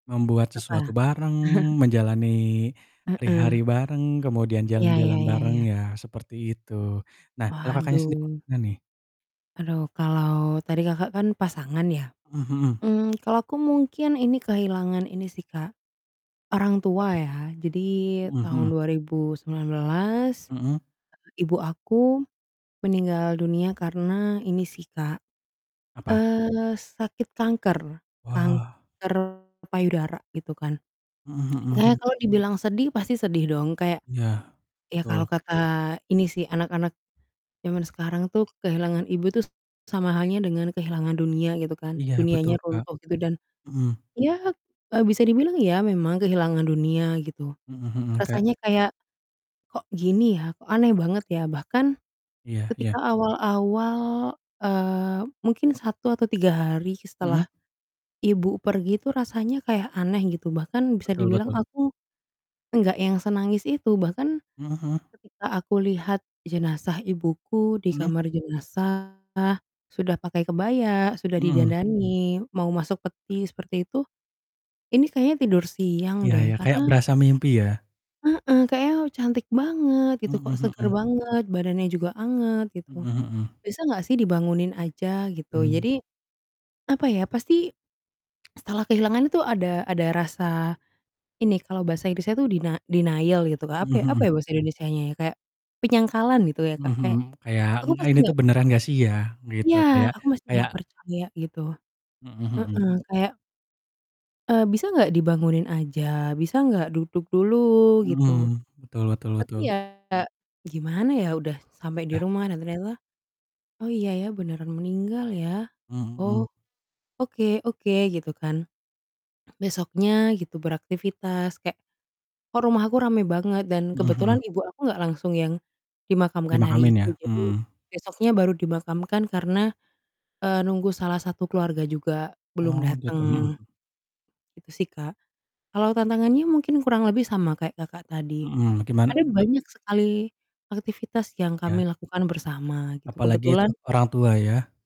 Membuat Apa? sesuatu bareng, menjalani hari-hari Heeh. bareng, kemudian Iya jalan-jalan iya bareng iya. ya, seperti itu. Nah, kalau Kakaknya, sendiri, Waduh. gimana nih? Aduh, kalau tadi Kakak, kan pasangan ya, Mmm, hmm. mmm, kalau aku mungkin ini kehilangan ini sih Kak, orang Apa tua tuh? ya jadi Mhm tahun mhm. 2019, Mhm? eee, ibu aku meninggal dunia, karena ini sih Kak, Apa? eee, sakit kanker, Wah. kanker payudara gitu kan. Mhm mhm, Kayaknya gim kalau dibilang sedih pasti sedih dong kayak, Iya, ya betul. kalau kata ini sih anak-anak zaman sekarang tuh kehilangan ibu tuh s sama halnya dengan kehilangan dunia gitu kan, Iya betul, dunianya Kak. runtuh gitu dan Mhm. ya, eee, bisa dibilang ya memang kehilangan dunia gitu, Mhm mhm, kayak rasanya kayak, "Kok gini ya? Kok aneh banget ya?" Bahkan Iya iya. ketika awal-awal, eee, mungkin 1 atau 3 hari Mhm? setelah ibu pergi tuh rasanya kayak aneh gitu bahkan bisa Betul dibilang betul. aku enggak yang senangis itu, bahkan Mhm mhm. ketika aku lihat jenazah ibuku di Mhm? kamar jenazah sudah pakai kebaya, sudah Mhm. didandanin mau masuk peti seperti itu, ini kayaknya tidur siang Iya deh iya, kayak karena berasa mimpi ya? Heeh, kayaknya cantik banget gitu, kok Mhm seger mhm. banget, badannya juga anget gitu, Mhm mhm. bisa gak sih dibangunin aja gitu. Mmm. Jadi, apa ya, pasti setelah kehilangan itu ada ada rasa ini kalau bahasa Inggris-nya tuh dina denial gitu Kak, apa ya Mhm apa ya mhm. bahasa Indonesianya ya kayak penyangkalan gitu ya Mhm Kak, mhm, kayak kayak, aku eng pasti ini tuh nggak beneran gak sih ya? Gitu, Iya, kayak aku masih kayak gak percaya gitu, Mhm heeh, mhm. kayak eee, bisa gak dibangunin aja? Bisa gak duduk dulu? Gitu. Mhm. Betul betul Tapi betul. ya gimana ya udah sampai di Dah. rumah dan ternyata, "Oh iya ya beneran meninggal ya, Mhm mhm. oh, oke oke," gitu kan. Besoknya gitu beraktivitas kek, "Kok rumah aku rame banget?" Dan Mhm kebetulan mhm. ibu aku nggak langsung yang dimakamkan hari Dimakamin itu, ya? jadi Mhm. besoknya baru dimakamkan karena, eee, nunggu salah satu keluarga juga belum Oh, gitu, mhm. datang, itu sih, Kak. Kalau tantangannya mungkin kurang lebih sama kayak Kakak, tadi Mhm, gimana ada bet banyak sekali aktivitas yang Iya. kami lakukan bersama gitu Apalagi itu kebetulan orang tua ya?